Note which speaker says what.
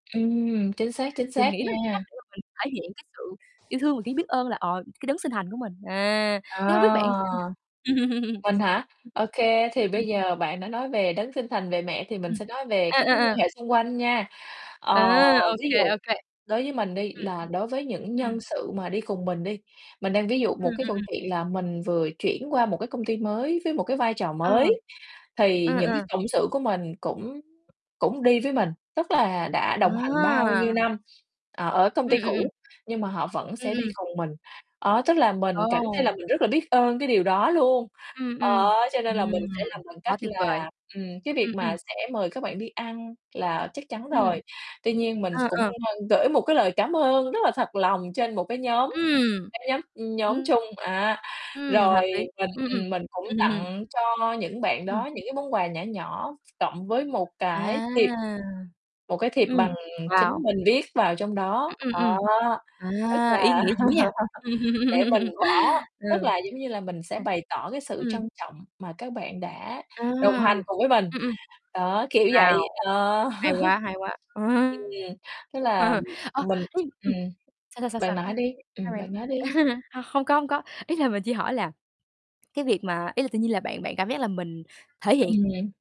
Speaker 1: Ừm, chính xác, chính
Speaker 2: Mình
Speaker 1: xác
Speaker 2: nghĩ đó là cái cách
Speaker 1: nha.
Speaker 2: để mà mình thể hiện cái sự yêu thương và cái biết ơn là, ờ, cái đấng sinh thành của mình. À, thế hông
Speaker 1: À,
Speaker 2: biết bạn sao nhỉ Ừm,
Speaker 1: mình hả? Ô kê, thì
Speaker 2: ừm.
Speaker 1: bây giờ bạn đã nói về đấng sinh thành, về mẹ, thì mình
Speaker 2: Ừm.
Speaker 1: sẽ nói về
Speaker 2: À,
Speaker 1: các
Speaker 2: à,
Speaker 1: mối
Speaker 2: à.
Speaker 1: quan hệ xung quanh nha. Ờ,
Speaker 2: À, ô
Speaker 1: ví
Speaker 2: kê,
Speaker 1: dụ
Speaker 2: ô kê.
Speaker 1: đối với mình đi
Speaker 2: Ừm.
Speaker 1: là đối với những
Speaker 2: Ừm.
Speaker 1: nhân sự mà đi cùng mình đi. Mình đang ví dụ
Speaker 2: Ừm,
Speaker 1: một
Speaker 2: ừm,
Speaker 1: cái câu
Speaker 2: ừm.
Speaker 1: chuyện là mình vừa chuyển qua một cái công ty mới với một cái vai trò
Speaker 2: Ờ.
Speaker 1: mới, thì
Speaker 2: Ừ,
Speaker 1: những cái
Speaker 2: ừ.
Speaker 1: cộng sự của mình cũng cũng đi với mình, tức là đã đồng hành bao
Speaker 2: À.
Speaker 1: nhiêu năm, ờ, ở công
Speaker 2: Ừm,
Speaker 1: ty
Speaker 2: ừm, ừm.
Speaker 1: cũ nhưng mà họ vẫn
Speaker 2: Ừm,
Speaker 1: sẽ đi
Speaker 2: ừm.
Speaker 1: cùng mình. Đó, tức là mình cảm thấy là
Speaker 2: Ồ.
Speaker 1: mình rất là biết ơn cái điều đó luôn,
Speaker 2: Ừm,
Speaker 1: ờ,
Speaker 2: ừm.
Speaker 1: cho
Speaker 2: Ừm,
Speaker 1: nên là mình sẽ làm bằng cách
Speaker 2: quá tuyệt vời.
Speaker 1: là, ừm, cái việc
Speaker 2: Ừm, ừm.
Speaker 1: mà sẽ mời các bạn đi ăn là chắc chắn
Speaker 2: Ừm.
Speaker 1: rồi. Tuy nhiên mình s
Speaker 2: Ờ,
Speaker 1: cũng,
Speaker 2: ờ.
Speaker 1: ơ, gửi một cái lời cám ơn rất là thật lòng trên một cái nhóm
Speaker 2: Ừm.
Speaker 1: cái nhóm, ưm, nhóm
Speaker 2: Ừm.
Speaker 1: chung á,
Speaker 2: Ừm, hợp
Speaker 1: rồi
Speaker 2: lý.
Speaker 1: mình,
Speaker 2: Ừm,
Speaker 1: ừm, mình cũng
Speaker 2: ừm. Ừm.
Speaker 1: tặng cho những bạn
Speaker 2: Ừm.
Speaker 1: đó những cái món quà nhỏ nhỏ, cộng với một cái
Speaker 2: À.
Speaker 1: thiệp một cái thiệp
Speaker 2: Ừm.
Speaker 1: bằng chính
Speaker 2: Wow.
Speaker 1: mình viết vào trong đó.
Speaker 2: Ừm, ừm, ừm.
Speaker 1: Đó, tức
Speaker 2: À, ý
Speaker 1: là
Speaker 2: nghĩa dữ nha. Ừm.
Speaker 1: để mình bỏ
Speaker 2: Ừ.
Speaker 1: tức là, giống như là, mình sẽ
Speaker 2: Ừm.
Speaker 1: bày tỏ cái sự
Speaker 2: Ừm.
Speaker 1: trân trọng mà các bạn đã
Speaker 2: À.
Speaker 1: đồng hành cùng với mình,
Speaker 2: Ừm, ừm.
Speaker 1: đó, kiểu
Speaker 2: Wow,
Speaker 1: vậy, ờ.
Speaker 2: hay quá, hay quá.
Speaker 1: Ừm,
Speaker 2: Ừm.
Speaker 1: tức là
Speaker 2: Ờ,
Speaker 1: mình
Speaker 2: thế ừm,
Speaker 1: ừm,
Speaker 2: sao, sao, sao,
Speaker 1: bạn
Speaker 2: sao?
Speaker 1: nói đi,
Speaker 2: Sao
Speaker 1: ừm,
Speaker 2: bạn?
Speaker 1: bạn nói đi.
Speaker 2: H hông có, hông có, ý là mình chỉ hỏi là cái việc mà ý là tự nhiên là bạn bạn cảm giác là mình thể hiện
Speaker 1: Ừm.